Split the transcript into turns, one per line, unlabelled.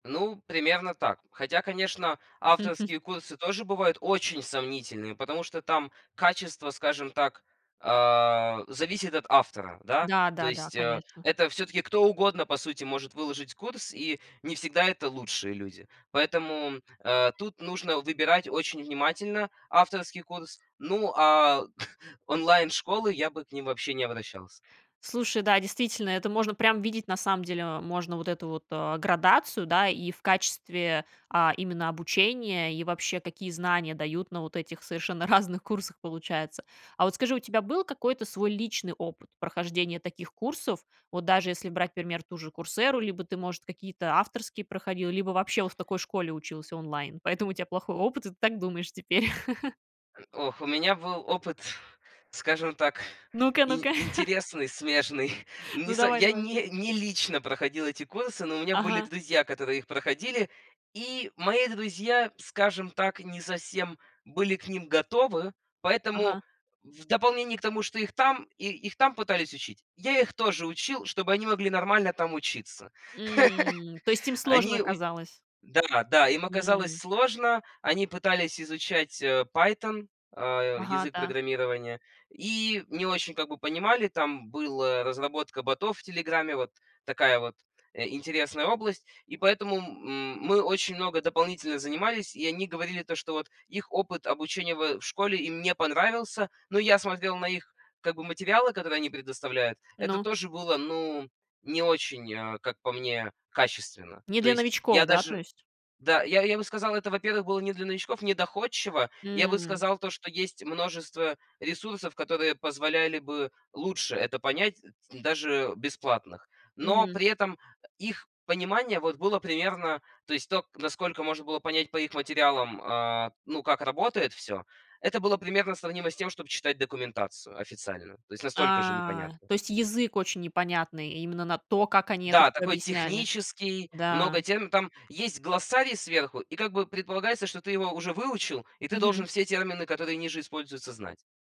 Ну, примерно так. Хотя, конечно, авторские курсы тоже бывают очень сомнительные, потому что там качество, скажем так, э, зависит от автора. Да,
Да,
то
да, да,
есть, э,
конечно.
это всё-таки кто угодно, по сути, может выложить курс, и не всегда это лучшие люди. Поэтому, э, тут нужно выбирать очень внимательно авторский курс. Ну, а онлайн-школы я бы к ним вообще не обращался.
Слушай, да, действительно, это можно прям видеть, на самом деле, э, можно вот эту вот, э, градацию, да, и в качестве, а, именно обучения, и вообще какие знания дают на вот этих совершенно разных курсах, получается. А вот скажи, у тебя был какой-то свой личный опыт прохождения таких курсов? Вот даже если брать, например, ту же "Курсэру", либо ты, может, какие-то авторские проходил, либо вообще вот в такой школе учился онлайн, поэтому у тя плохой опыт, и ты так думаешь теперь?
М, ох, у меня был опыт, скажем так,
Ну-ка,
ин
ну-ка.
интересный, смежный. Не
Ну,
со
давай
я
давай.
не не лично проходил эти курсы, но у меня были
Ага.
друзья, которые их проходили. И мои друзья, скажем так, не совсем были к ним готовы, поэтому
Ага.
в дополнение к тому, что их там и их там пытались учить, я их тоже учил, чтобы они могли нормально там учиться.
М, то есть им сложно
Они уч
оказалось.
Да, да, им оказалось
М.
сложно. Они пытались изучать, э, Python, а,
Ага,
язык
да.
программирования и не очень как бы понимали. Там была разработка ботов в "Телеграме", вот такая вот, э, интересная область. И поэтому м м мы очень много дополнительно занимались, и они говорили то, что вот их опыт обучения в в школе им не понравился. Но я смотрел на их как бы материалы, которые они предоставляют. Это
Ну?
тоже было, ну, не очень, э, как по мне, качественно.
Не
То
для
есть
новичков,
я
да, то
даже
есть?
да, я я бы сказал, это, во-первых, было не для новичков, не доходчиво. Я бы
М.
сказал то, что есть множество ресурсов, которые позволяли бы лучше это понять ть даже бесплатных. Но
Мгм.
при этом, э, их понимание вот было примерно, то есть то, к насколько можно было понять по их материалам, а, ну, как работает всё. Это было примерно сравнимо с тем, чтоб читать документацию официальную. То есть настолько же
А,
непонятно.
то есть язык очень непонятный, и именно на то, как они это
Да,
всё
такой
объясняли.
технический.
Да.
Много терм там есть глоссарий сверху, и как бы предполагается, что ты его уже выучил, и ты должен
Мгм.
все термины, которые ниже используются, знать.